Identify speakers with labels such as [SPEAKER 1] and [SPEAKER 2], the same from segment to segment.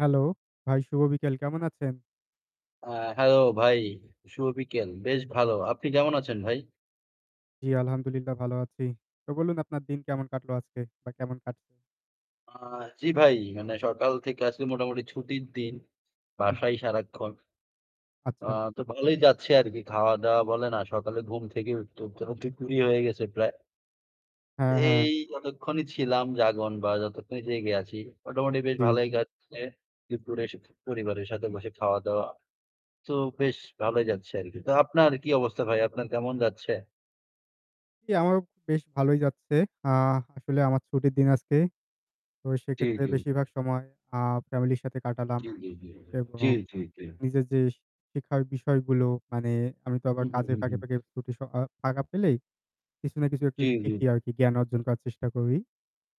[SPEAKER 1] Hello, ভাই শুভ বিকেল কেমন আছেন?
[SPEAKER 2] আ হ্যালো ভাই, শুভ বিকেল। বেশ ভালো। আপনি কেমন আছেন ভাই?
[SPEAKER 1] জি। আলহামদুলিল্লাহ ভালো আছি। তো বলুন আপনার দিন কেমন কাটলো আজকে বা কেমন কাটছে?
[SPEAKER 2] আ জ্বি ভাই। মানে সকাল থেকে আজকে মোটামুটি ছুটির দিন
[SPEAKER 1] হুম।
[SPEAKER 2] বাসাই সারাক্ষণ। আ
[SPEAKER 1] আচ্ছা।
[SPEAKER 2] তো ভালোই যাচ্ছে আরকি। খাওয়া-দাওয়া বলেন আ সকালে ঘুম থেকে উঠতে, উঠতে অ দুপুরই হয়ে গেছে প্রায়। তে
[SPEAKER 1] হ্যাঁ, হ্যাঁ।
[SPEAKER 2] এই যতক্ষণই ছিলাম জাগন বা যতক্ষণই জেগে আছি মোটামুটি বেশ
[SPEAKER 1] জি।
[SPEAKER 2] ভালোই কাটছে। দুপুরে এসে পরিবারের সাথে বসে খাওয়া দাওয়া। তো বেশ ভালোই যাচ্ছে আরকি। তো আপনার কি অবস্থা ভাই? আপনার কেমন যাচ্ছে?
[SPEAKER 1] জি, আমারও বেশ ভালোই যাচ্ছে। আ আসলে আমার ছুটির দিন আজকে। তো
[SPEAKER 2] জি,
[SPEAKER 1] সেক্ষেত্রে
[SPEAKER 2] জি।
[SPEAKER 1] বেশিরভাগ সময় আ ফ্যামিলির সাথে কাটালাম।
[SPEAKER 2] জী, জী, জী জী।
[SPEAKER 1] এবং
[SPEAKER 2] জী, জী, জী।
[SPEAKER 1] নিজের যে শিক্ষার বিষয়গুলো মানে আমি তো আবার
[SPEAKER 2] হুম, হুম,
[SPEAKER 1] কাজের
[SPEAKER 2] হুম,
[SPEAKER 1] ফাঁকে,
[SPEAKER 2] হুম।
[SPEAKER 1] ফাঁকে প্রতি সকা আ ফাঁকা পেলেই, কিছু না কিছু একটু
[SPEAKER 2] জি, জি।
[SPEAKER 1] শিখি আরকি জ্ঞান অর্জন করার চেষ্টা করি।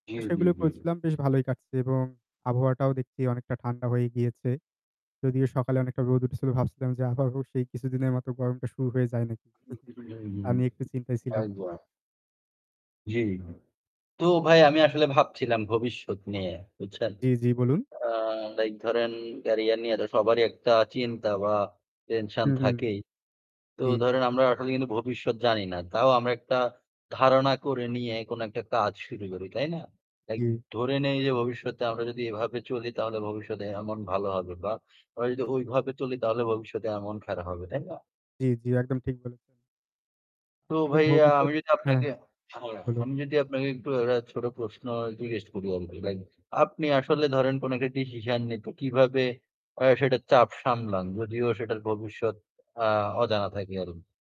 [SPEAKER 2] জি,
[SPEAKER 1] আ
[SPEAKER 2] জি,
[SPEAKER 1] সেগুলোই
[SPEAKER 2] জি।
[SPEAKER 1] করেছিলাম বেশ ভালোই কাটছে এবং আবহাওয়াটাও দেখছি অনেকটা ঠান্ডা হয়েই গিয়েছে। যদিও সকালে অনেকটা রোদ উঠেছিল ভাবছিলাম যে আবারো সেই কিছুদিনের মতো গরমটা শুরু হয়ে যায় নাকি। তা
[SPEAKER 2] [unintelligible]
[SPEAKER 1] নিয়ে একটু চিন্তায় ছিলাম।
[SPEAKER 2] একবার। জ্বী। তো ভাই আমি আসলে ভাবছিলাম ভবিষ্যৎ নিয়ে বুঝছেন?
[SPEAKER 1] জি, জি বলুন।
[SPEAKER 2] আ লাইক ধরেন ক্যারিয়ার নিয়ে তো সবারই একটা চিন্তা বা টেনশন
[SPEAKER 1] হু, হুম।
[SPEAKER 2] থাকেই। তো
[SPEAKER 1] জি।
[SPEAKER 2] ধরেন আমরা আসলে কিন্তু ভবিষ্যৎ জানি না। তাও আমরা একটা ধারণা করে নিয়ে কোন একটা কাজ শুরু করি। তাই না? লাইক
[SPEAKER 1] জি।
[SPEAKER 2] ধরে নেই যে ভবিষ্যতে আমরা যদি এভাবে চলি তাহলে ভবিষ্যতে এমন ভালো হবে বা আমরা যদি ঐভাবে চলি তাহলে ভবিষ্যতে এমন খারাপ হবে, তাই না?
[SPEAKER 1] জি, জি। একদম ঠিক বললেন।
[SPEAKER 2] তো
[SPEAKER 1] মানে
[SPEAKER 2] ভাইয়া আমি
[SPEAKER 1] ভবিষ্যৎ
[SPEAKER 2] যদি
[SPEAKER 1] হ্যাঁ
[SPEAKER 2] আপনাকে
[SPEAKER 1] বলুন।
[SPEAKER 2] আমি যদি আপনাকে একটু একটা ছোট প্রশ্ন জিজ্ঞেস করি আরকি লাইক আপনি আসলে ধরেন কোন একটা ডিসিশন নিতে কিভাবে আ সেটার চাপ সামলান যদিও সেটার ভবিষ্যৎ আ অজানা থাকে আরো?